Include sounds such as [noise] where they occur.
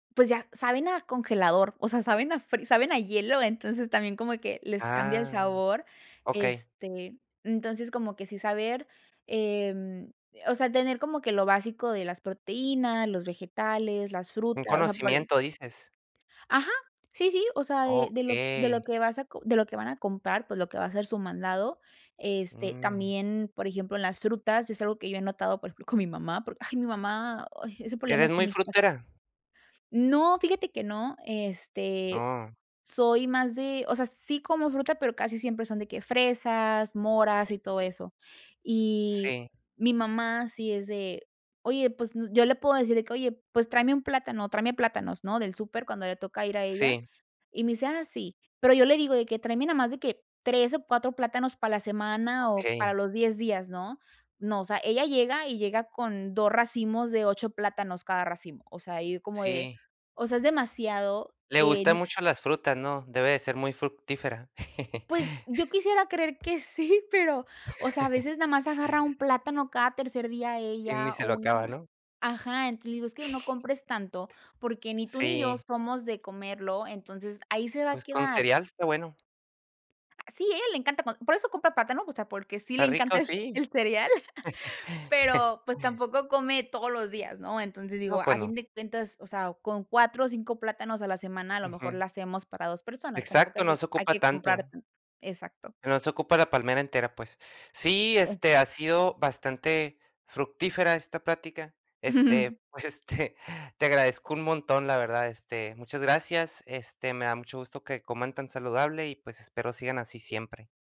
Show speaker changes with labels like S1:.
S1: Pues ya, saben a congelador, o sea, saben a fri saben a hielo, entonces, también como que les cambia el
S2: Ah,
S1: sabor,
S2: okey.
S1: este, entonces, como que sí saber, em, eh, o sea, tener como que lo básico de las proteínas, los vegetales, las
S2: Un
S1: frutas, o sea, por ahí.
S2: conocimiento, dices.
S1: Ajá, sí, sí, o sea, eh, de lo de lo
S2: Okey.
S1: que vas a co de lo que van a comprar, pues, lo que va a ser su mandado. Este,
S2: Mm.
S1: también, por ejemplo, en las frutas es algo que yo he notado, por ejemplo, con mi mamá, porque ay, mi mamá, ay, es un problema
S2: ¿Eres
S1: aquí en
S2: muy
S1: mi casa.
S2: frutera?
S1: No, fíjate que no, este,
S2: Ah.
S1: soy más de o sea, sí como fruta, pero casi siempre son de que fresas, moras y todo eso. Y
S2: Sí.
S1: mi mamá sí es de: "Oye, pues, n" yo le puedo decir de que: "Oye, pues, tráeme un plátano, tráeme plátanos, ¿no?, del súper", cuando le toca ir a ella.
S2: Sí.
S1: Y me dice: "Ah, sí". Pero yo le digo de que "tráeme nada más de que 3 o 4 plátanos para la semana o para
S2: Okey.
S1: los 10 días", ¿no? No, o sea, ella llega y llega con 2 racimos de 8 plátanos cada racimo, o sea, y como de,
S2: Sí.
S1: o sea, es demasiado
S2: Le gustan
S1: en
S2: mucho las frutas, ¿no? Debe de ser muy fructífera. [chuckles]
S1: Pues, yo quisiera creer que sí, pero, o sea, a veces,
S2: [laughs]
S1: más agarra un plátano cada tercer día
S2: Y ni
S1: ella o
S2: se lo
S1: una
S2: acaba,
S1: man
S2: ¿no?
S1: ajá, entonces, le digo: "Es que no
S2: [chuckles]
S1: compres tanto, porque ni tú ni yo
S2: Sí.
S1: somos de comerlo, entonces ahí se va a
S2: Pues, con
S1: quedar".
S2: cereal está bueno.
S1: Sí, ¿eh? Le encanta co por eso compra plátano, o sea, porque sí le
S2: ¿Está
S1: encanta
S2: rico?
S1: el ce
S2: Sí.
S1: el cereal, [chuckles]
S2: [laughs]
S1: pero, pues, tampoco come todos los días, ¿no? Entonces, digo,
S2: No, pues,
S1: a fin
S2: no.
S1: de cuentas, o sea, con 4 o 5 plátanos a la semana, a lo mejor,
S2: Ujú.
S1: la hacemos para 2 personas, tampoco
S2: Exacto,
S1: hay que
S2: no se
S1: hay
S2: ocupa
S1: que comprar,
S2: tanto.
S1: mm exacto.
S2: No se ocupa la palmera entera, pues. Sí, este, ha
S1: [unintelligible]
S2: sido bastante fructífera esta plática,
S1: [chuckles]
S2: este, pues, este, te agradezco un montón, la verdad, este, muchas gracias, este, me da mucho gusto que coman tan saludable y, pues, espero sigan así siempre.